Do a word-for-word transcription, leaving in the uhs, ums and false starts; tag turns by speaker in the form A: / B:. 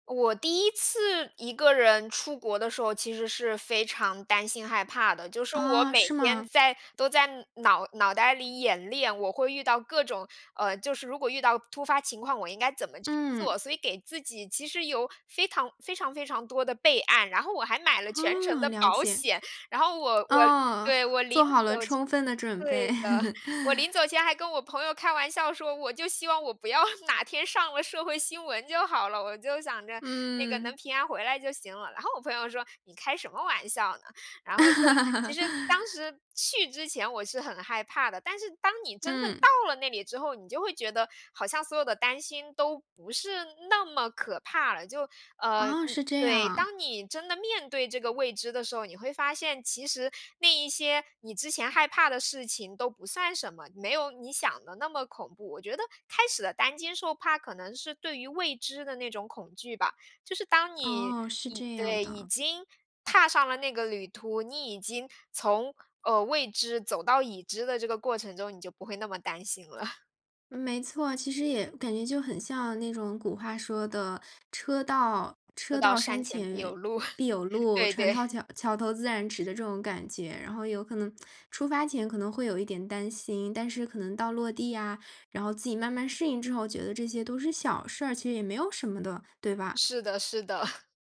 A: 我第一次一个人出国的时候，其实是非常担心害怕的。就是我
B: 啊，
A: 每
B: 是
A: 天
B: 吗？
A: 在都在脑脑袋里演练，我会遇到各种，呃，就是如果遇到突发情况，我应该怎么去
B: 嗯。
A: 做，所以给自己其实有非常非常非常多的备案，然后我还买了全程
B: 哦，
A: 的
B: 了
A: 保
B: 解。
A: 险。然后我我
B: 啊，
A: 对，我临
B: 做好了
A: 走前
B: 充分的准备。
A: 对的，我临 走前还跟我朋友开玩笑说，我就希望我不要哪天上了社会新闻就好了，我就想着那个
B: 嗯。
A: 能平安回来就行了。然后我朋友说你开什么玩笑呢？然后就其实当时去之前我是很害怕的，但是当你真正
B: 嗯。
A: 到了那里之后，你就会觉得好像所有的担心都不是那么可怕了就，呃，
B: 哦，是这样
A: 对，
B: 啊。
A: 当你真的面对这个未知的时候，你会发现其实那一些你之前害怕的事情都不算什么，没有你想的那么恐怖，我觉得开始的担惊受怕，可能是对于未知的那种恐惧吧。就是当你
B: 哦，是
A: 已
B: 这样
A: 对，已
B: 的。
A: 经踏上了那个旅途，你已经从，呃，未知走到已知的这个过程中，你就不会那么担心了。
B: 没错，其实也感觉就很像那种古话说的，车到
A: 车
B: 车
A: 到
B: 到山
A: 山前必
B: 前
A: 有路。
B: 必有 路，
A: 对
B: 船
A: 对。
B: 到桥桥头自然直的这种感觉。然后有可能出发前可能会有一点担心，但是可能到落地啊，然后自己慢慢适应之后觉得这些都是小事儿，其实也没有什么的，对吧？
A: 是的是的。